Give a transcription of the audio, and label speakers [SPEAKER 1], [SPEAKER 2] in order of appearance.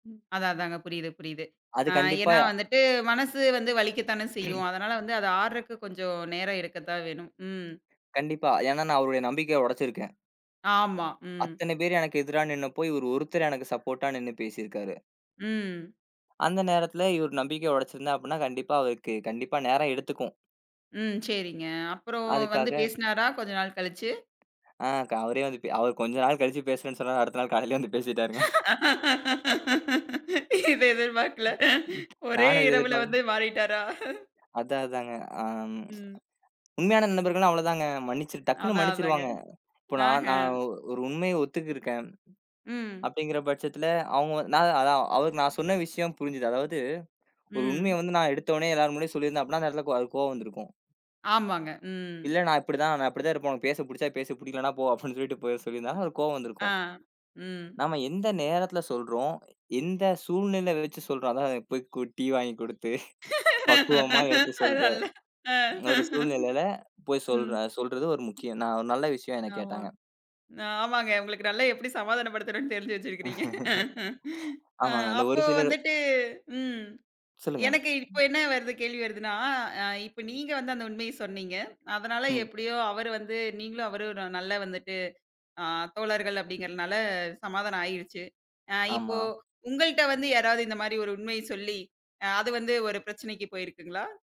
[SPEAKER 1] அதான், அதாங்க. புரியுது, புரியுது.
[SPEAKER 2] அது
[SPEAKER 1] ஆ,
[SPEAKER 2] கண்டிப்பா.
[SPEAKER 1] ஏன்னா வந்துட்டு மனசு வந்து வலிக்கத்தானே செய்யும். அதனால வந்து அது ஆறுவதுக்கு கொஞ்சோ நேரம் எடுக்கத்தான் வேணும். ம்.
[SPEAKER 2] கண்டிப்பா. ஏன்னா நான் அவருடய நம்பிக்கைய உடைச்சிருக்கேன்.
[SPEAKER 1] ஆமா, ம்.
[SPEAKER 2] அத்தனை பேரு எனக்கு எதிரா நின்னாப்போ, இவரு ஒருத்தர் எனக்கு சப்போட்டா நின்னு பேசிருக்காரு.
[SPEAKER 1] ம்.
[SPEAKER 2] அந்த நேரத்துல இவரு நம்பிக்கைய உடைச்சுருந்தேன் அப்டின்னா, கண்டிப்பா அவருக்கு கண்டிப்பா நேரம் எடுத்துக்கும்.
[SPEAKER 1] ம். செரிங்க. அப்புறம் வந்து
[SPEAKER 2] அதுக்காக.
[SPEAKER 1] பேசுனாரா, கொஞ்சம் நாள் கழிச்சு?
[SPEAKER 2] அ, க அவரே வந்து பே அவரு கொஞ்ச நாள் கழிச்சு பேசுறேன்னு சொன்னாரு. அடுத்த நாள் காலையிலயே வந்து பேசிட்டாருங்க.
[SPEAKER 1] இது எதிர்பார்க்கல. ஒரே
[SPEAKER 2] நானும் அத
[SPEAKER 1] இரவுல
[SPEAKER 2] எதிர்பார்க்க
[SPEAKER 1] வந்து மாறிட்டாரா?
[SPEAKER 2] அதான் அதாங்க, அம்,
[SPEAKER 1] ம்.
[SPEAKER 2] உண்மையான நண்பர்கள்னா, அவ்ளோதாங்க. மன்னிச்சுரு டக்குன்னு
[SPEAKER 1] அதான், அதாங்க.
[SPEAKER 2] மன்னிச்சிருவாங்க. இப்ப
[SPEAKER 1] நான்
[SPEAKER 2] நான்
[SPEAKER 1] ஹ
[SPEAKER 2] நான் ஒரு உண்மைய ஒத்துக்கிட்டிருக்கேன்.
[SPEAKER 1] ம்.
[SPEAKER 2] அப்டிங்கிற பட்சத்துல, அவங்க நான் அதான் அவருக்கு நான் சொன்ன விஷயம் புரிஞ்சுது. அதாவது ஒரு உண்மைய
[SPEAKER 1] ம்.
[SPEAKER 2] வந்து நான் எடுத்தவுனே எல்லார் முன்னாடியும் சொல்லி இருந்தா, அப்டின்னா, அந்த இடத்துல அது அவருக்கு கோவம் வந்து இருக்கும்.
[SPEAKER 1] ஆமாங்க, ம்.
[SPEAKER 2] இல்ல. "நான் இப்டி தான். நான் இப்டி தான் இருப்பேன். உனக்கு பேசப் பிடிச்சா பேசு, பிடிக்கலன்னா போ." அப்டின்னு சொல்லிட்டு போ சொல்லியிருந்தா, அவருக்கு கோபம் வந்துருக்கும்.
[SPEAKER 1] அ, ம்.
[SPEAKER 2] நாம எந்த நேரத்துல சொல்றோம், எந்த சூழ்நிலை வெச்சு சொல்றோம்? அதான் போய் கூ டீ வாங்கி கொடுத்து, பக்குவமா எடுத்து
[SPEAKER 1] அது
[SPEAKER 2] சொல்ற
[SPEAKER 1] நல்ல. அ,
[SPEAKER 2] ஒரு சூழ்நிலைல போய்
[SPEAKER 1] ம்.
[SPEAKER 2] சொல்றோம். அது சொல்றது ஒரு முக்கியம். நான் ஒரு நல்ல விஷயம், என்னய
[SPEAKER 1] ஆமா.
[SPEAKER 2] கேட்டாங்க.
[SPEAKER 1] ஆமாங்க. உங்களுக்கு நல்லா எப்டி சமாதானப்படுத்தணும்னு தெரிஞ்சு வெச்சிருக்கீங்க. ஆ,
[SPEAKER 2] ஆமாங்க. அந்த ஒரு
[SPEAKER 1] அப்போ
[SPEAKER 2] சிலது
[SPEAKER 1] வந்துட்டு ம்
[SPEAKER 2] சொல்லுங்க.
[SPEAKER 1] எனக்கு இப்ப என்ன வருது கேள்வி வருதுன்னா, அ இப்ப நீங்க வந்து அந்த உண்மைய சொன்னீங்க. அதனால
[SPEAKER 2] ம்.
[SPEAKER 1] எப்டியோ அவரு வந்து நீங்களும், அவரும் ஒரு நல்லா வந்துட்டு, அ தோழர்கள் அப்டிங்கிறதுனால சமாதானம் ஆயிருச்சு. அ, இப்போ
[SPEAKER 2] ஆமா.
[SPEAKER 1] உங்கள்ட்ட வந்து யாராவது இந்த மாரி ஒரு உண்மைய சொல்லி, அ அது வந்து ஒரு பிரச்சனைக்கு போயிருக்குங்களா?